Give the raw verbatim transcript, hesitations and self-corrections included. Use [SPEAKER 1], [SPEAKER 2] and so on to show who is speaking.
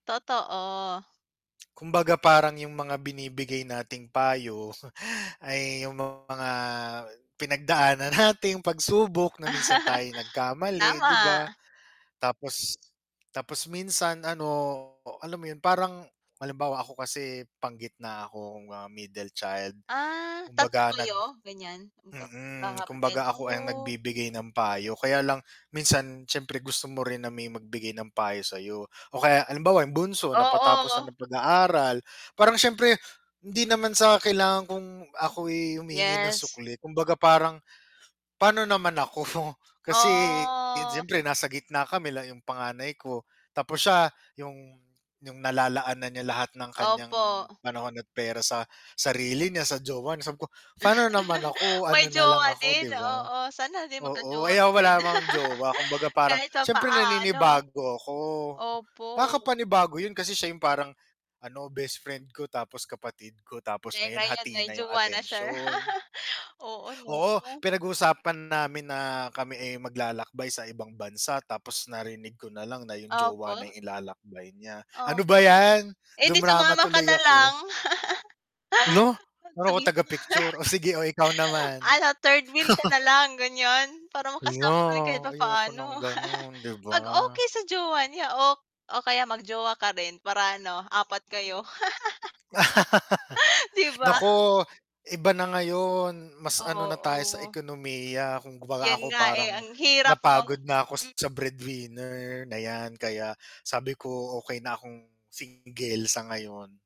[SPEAKER 1] Totoo.
[SPEAKER 2] Kumbaga parang yung mga binibigay nating payo ay yung mga pinagdaanan nating pagsubok na minsan tayo'y nagkamali, 'di
[SPEAKER 1] Tama!
[SPEAKER 2] ba? Tapos tapos minsan ano, alam mo yun, parang halimbawa ako kasi panggitna akong, ah, middle child.
[SPEAKER 1] Ah, tatlo
[SPEAKER 2] Kumbaga nag
[SPEAKER 1] kayo? Ganyan, magka
[SPEAKER 2] mm,
[SPEAKER 1] magkakapatid.
[SPEAKER 2] kumbaga ako ang
[SPEAKER 1] Oh!
[SPEAKER 2] nagbibigay ng payo. Kaya lang minsan siyempre gusto mo rin na may magbigay ng payo sa'yo. O kaya halimbawa yung bunso napatapos na
[SPEAKER 1] Oo.
[SPEAKER 2] ng pag-aaral parang siyempre hindi naman sa kailangan kung ako, eh, humihingi ng
[SPEAKER 1] Yes.
[SPEAKER 2] sukli. Kumbaga parang, "Paano naman ako?" Kasi, di yun
[SPEAKER 1] Oh!
[SPEAKER 2] siyempre nasa gitna, kami la 'yong panganay ko. Tapos siya, 'yong 'yong nalalaan na niya lahat ng kanyang
[SPEAKER 1] Opo.
[SPEAKER 2] panahon at pera sa sarili niya, sa jowa niya. Sabi ko, "Paano naman ako?"
[SPEAKER 1] May
[SPEAKER 2] ano na lang
[SPEAKER 1] jowa
[SPEAKER 2] ako
[SPEAKER 1] din,
[SPEAKER 2] 'di ba?
[SPEAKER 1] oo. Sana din
[SPEAKER 2] Oo,
[SPEAKER 1] magka-jowa
[SPEAKER 2] ay, ah,
[SPEAKER 1] ka rin.
[SPEAKER 2] wala naman ako jowa, kumbaga parang
[SPEAKER 1] Kahit
[SPEAKER 2] siyempre
[SPEAKER 1] papaano.
[SPEAKER 2] naninibago ako.
[SPEAKER 1] Opo.
[SPEAKER 2] Nakakapanibago 'yon kasi siya 'yong parang ano best friend ko, tapos kapatid ko, tapos
[SPEAKER 1] Eh,
[SPEAKER 2] ngayon
[SPEAKER 1] ngayon
[SPEAKER 2] hati
[SPEAKER 1] may
[SPEAKER 2] na 'yong
[SPEAKER 1] jowa na sher.
[SPEAKER 2] atensyon.
[SPEAKER 1] Oo,
[SPEAKER 2] Oo,
[SPEAKER 1] no?
[SPEAKER 2] pinag-uusapan namin na, kami, eh, maglalakbay sa ibang bansa. Tapos narinig ko nalang na yung jowa na
[SPEAKER 1] Opo.
[SPEAKER 2] yung ilalakbay niya.
[SPEAKER 1] Ah,
[SPEAKER 2] Ano ba
[SPEAKER 1] gano'n.
[SPEAKER 2] yan?
[SPEAKER 1] Eh, di
[SPEAKER 2] dumrama
[SPEAKER 1] sumama ka
[SPEAKER 2] tuloy
[SPEAKER 1] na lang.
[SPEAKER 2] ako. Hala! Ano ko,
[SPEAKER 1] Sabihin mo
[SPEAKER 2] taga-picture? Oh, sige, oh, ikaw naman.
[SPEAKER 1] Ano, third wheel ka nalang ganyan, para
[SPEAKER 2] Yun na,
[SPEAKER 1] makasama ka yung kahit
[SPEAKER 2] ayoko
[SPEAKER 1] papaano.
[SPEAKER 2] ng gano'n, 'di ba?
[SPEAKER 1] 'Pag okey sa jowa niya o o kaya mag-jowa ka rin para ano, apat kayo. 'Di ba?
[SPEAKER 2] Naku, iba na ngayon, mas ano na tayo sa
[SPEAKER 1] Oo.
[SPEAKER 2] ekonomiya. Kumbaga
[SPEAKER 1] Yun
[SPEAKER 2] ako
[SPEAKER 1] nga, eh,
[SPEAKER 2] parang
[SPEAKER 1] ang hirap no?
[SPEAKER 2] napagod na ako
[SPEAKER 1] M
[SPEAKER 2] sa breadwinner na yan. Kaya sabi ko, "Okey na akong single sa ngayon."